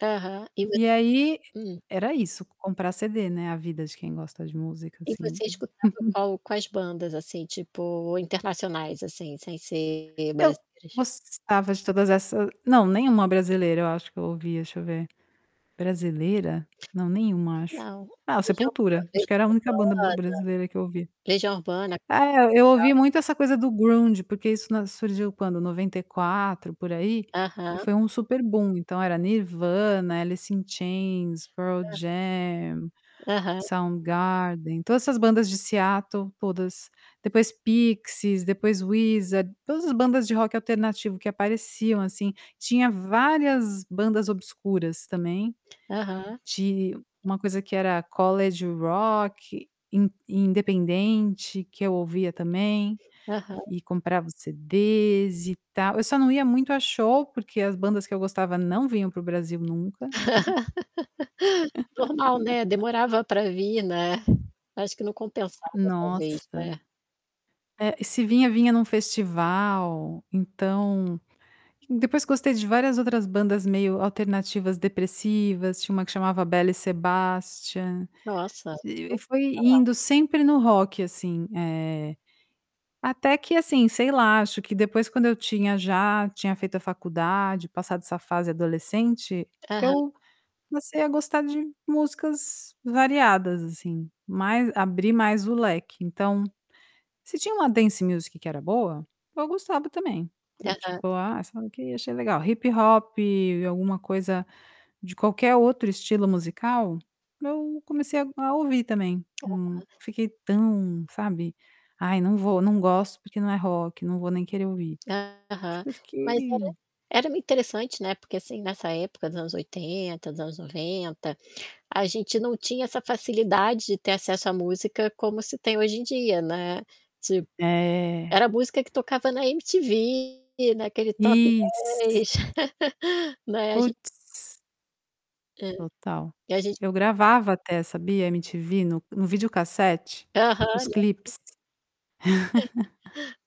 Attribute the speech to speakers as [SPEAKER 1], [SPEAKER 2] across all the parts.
[SPEAKER 1] Aham, [unintelligible]
[SPEAKER 2] E aí,
[SPEAKER 1] hum.
[SPEAKER 2] era isso comprar cd, né, a vida de quem gosta de música,
[SPEAKER 1] E
[SPEAKER 2] assim.
[SPEAKER 1] você escutava qual quais bandas, assim, tipo, internacionais, assim, sem ser
[SPEAKER 2] Eu
[SPEAKER 1] brasileiras?
[SPEAKER 2] gostava de todas essas não nenhuma brasileira eu acho que eu ouvi, deixa eu ver. Brasileira? Não, nenhuma acho;
[SPEAKER 1] Não.
[SPEAKER 2] Ah,
[SPEAKER 1] Legião Legião
[SPEAKER 2] Sepultura, acho que era
[SPEAKER 1] Urbana
[SPEAKER 2] a única banda brasileira que eu ouvia.
[SPEAKER 1] Legião Urbana
[SPEAKER 2] Eh, eu ouvi
[SPEAKER 1] [unintelligible]
[SPEAKER 2] muito essa coisa do ground, porque isso na surgiu quando? 94 por aí, e
[SPEAKER 1] Aham.
[SPEAKER 2] foi um super bum, então, era Nirvana, Alice In chains, Pearl
[SPEAKER 1] Hã.
[SPEAKER 2] Jam,
[SPEAKER 1] Aham.
[SPEAKER 2] Sound Garden, todas essas bandas de Seattle, todas, depois Pixies, depois Wizard, todas as bandas de rock alternativo que apareciam, assim, tinha várias bandas obscuras também,
[SPEAKER 1] Aham.
[SPEAKER 2] de uma coisa que era College Rock, in independente, que eu ouvia também,
[SPEAKER 1] Aham.
[SPEAKER 2] e comprava os CDs e tal, eu só não ia muito a show, porque as bandas que eu gostava não vinham para o Brasil nunca
[SPEAKER 1] Normal, né, demorava pra vir, né. Acho que não compensava talvez,
[SPEAKER 2] Nossa.
[SPEAKER 1] né?
[SPEAKER 2] É, e se vinha, vinha num festival, então depois gostei de várias outras bandas meio alternativas depressivas, tinha uma que chamava Belle Sebastian,
[SPEAKER 1] Nossa, nunca
[SPEAKER 2] e
[SPEAKER 1] ouvi
[SPEAKER 2] foi
[SPEAKER 1] falar.
[SPEAKER 2] indo sempre no rock, assim, eh, até que assim, sei lá, acho que depois quando eu tinha já tinha feito a faculdade, passado essa fase adolescente,
[SPEAKER 1] Aham.
[SPEAKER 2] eu comecei a gostar de músicas variadas, assim, mais abri mais o leque. Então, se tinha uma dance music que era boa, eu gostava também, do
[SPEAKER 1] Aham.
[SPEAKER 2] tipo: "Ah, sei lá o quê, achei legal.", hip-hop e alguma coisa, de qualquer outro estilo musical, eu comecei a a ouvir também, hum,
[SPEAKER 1] Aham.
[SPEAKER 2] fiquei tão, sabe, "Ai não vou não gosto porque não é rock, não vou nem querer ouvir", acho
[SPEAKER 1] Aham.
[SPEAKER 2] que eu
[SPEAKER 1] Mas era
[SPEAKER 2] fiquei
[SPEAKER 1] era interessante, né, porque assim, nessa época dos anos 80, dos anos 90, a gente não tinha essa facilidade de ter acesso à música como hoje em dia, né, tipo,
[SPEAKER 2] É.
[SPEAKER 1] era a música que tocava na MTV, naquele top
[SPEAKER 2] Isso.
[SPEAKER 1] 10, né, a ge
[SPEAKER 2] Puts.
[SPEAKER 1] É,
[SPEAKER 2] Total.
[SPEAKER 1] e a gent
[SPEAKER 2] Eu gravava até, sabia, MTV no no vídeo cassete, os
[SPEAKER 1] Aham e
[SPEAKER 2] clipes.
[SPEAKER 1] [unintelligible]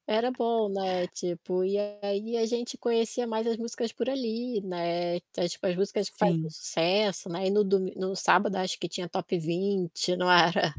[SPEAKER 1] Era bom, né, tipo, e aí a gente conhecia mais as músicas por ali, né, tipo as músicas que faziam
[SPEAKER 2] Sim.
[SPEAKER 1] sucesso, né, e no do no sábado acho que tinha Top 20 não era?